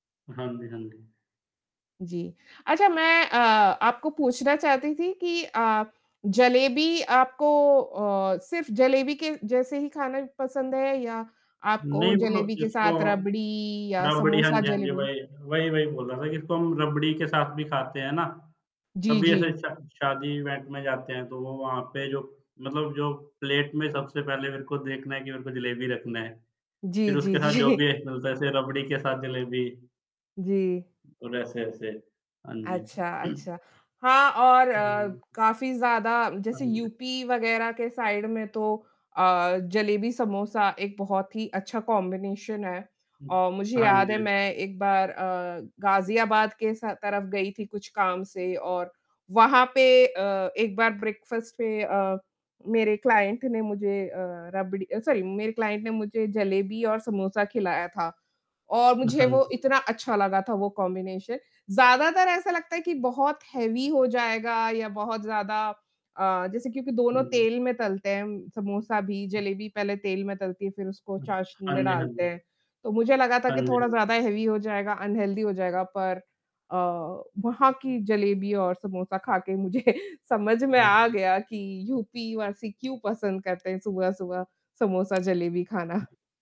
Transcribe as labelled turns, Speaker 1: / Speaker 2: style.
Speaker 1: हाँ जी, हाँ जी।
Speaker 2: जी, अच्छा मैं अ, आपको पूछना चाहती थी कि अ, जलेबी आपको अ, सिर्फ़ जलेबी के जैसे ही खाना पसंद है या आपको
Speaker 1: नहीं मतलब
Speaker 2: जलेबी के
Speaker 1: इसको
Speaker 2: साथ रबड़ी या
Speaker 1: रबड़ी हाँ
Speaker 2: समोसा
Speaker 1: जी, हाँ जी,
Speaker 2: जलेबी?
Speaker 1: वही-वही, वही बोल रहा था कि इसको हम रबड़ी के साथ भी खाते हैं ना।
Speaker 2: जी,
Speaker 1: कभी ऐसे
Speaker 2: जी।
Speaker 1: शा शादी इवेंट में जाते हैं तो वो वहाँ पे जो मतलब जो प्लेट में सबसे पहले मेरे को देखना है कि मेरे को जलेबी रखना है। फिर
Speaker 2: जी, जी,
Speaker 1: उसके साथ जो भी
Speaker 2: जी।
Speaker 1: एक मिलता है जैसे रबड़ी के साथ जलेबी।
Speaker 2: जी।
Speaker 1: और ऐसे-ऐसे हाँ
Speaker 2: अच्छा,
Speaker 1: जी।
Speaker 2: अच्छा। हाँ, और अ,
Speaker 1: [unintelligible]
Speaker 2: काफ़ी ज़्यादा
Speaker 1: हाँ
Speaker 2: जैसे
Speaker 1: जी।
Speaker 2: यूपी वगैरह के साइड में तो अ, जलेबी समोसा एक बहुत ही अच्छा कॉम्बिनेशन है।
Speaker 1: हुँ,
Speaker 2: और मुझे
Speaker 1: हाँ
Speaker 2: याद है
Speaker 1: जी।
Speaker 2: मैं एक बार अ, गाज़ियाबाद के स तरफ गई थी कुछ काम से और वहाँ पे अ, एक बार ब्रेकफास्ट पे अ, मेरे क्लाइंट ने मुझे अ, रबड़ी सॉरी मेरे क्लाइंट ने मुझे जलेबी और समोसा खिलाया था। और
Speaker 1: अ,
Speaker 2: मुझे
Speaker 1: हाँ जी।
Speaker 2: वो
Speaker 1: हाँ।
Speaker 2: इतना अच्छा लगा था वो कॉम्बिनेशन। ज़्यादातर ऐसा लगता है कि बहुत हेवी हो जाएगा या बहुत ज़्यादा अ, जैसे क्योंकि दोनों
Speaker 1: हुँ जी।
Speaker 2: तेल में तलते हैं हम समोसा भी जलेबी पहले तेल में तलती है फिर उसको चाशनी
Speaker 1: हाँ
Speaker 2: में
Speaker 1: जी, हाँ
Speaker 2: डालते
Speaker 1: जी।
Speaker 2: हैं। तो मुझे लगा था
Speaker 1: हाँ
Speaker 2: कि
Speaker 1: जी,
Speaker 2: थोड़ा
Speaker 1: हाँ।
Speaker 2: ज़्यादा हेवी हो जाएगा, अनहेल्दी हो जाएगा पर अ, वहाँ की जलेबी और समोसा खा के मुझे समझ में आ
Speaker 1: [unintelligible]
Speaker 2: गया कि यूपीवासी क्यों पसंद करते हैं सुबह-सुबह समोसा जलेबी खाना।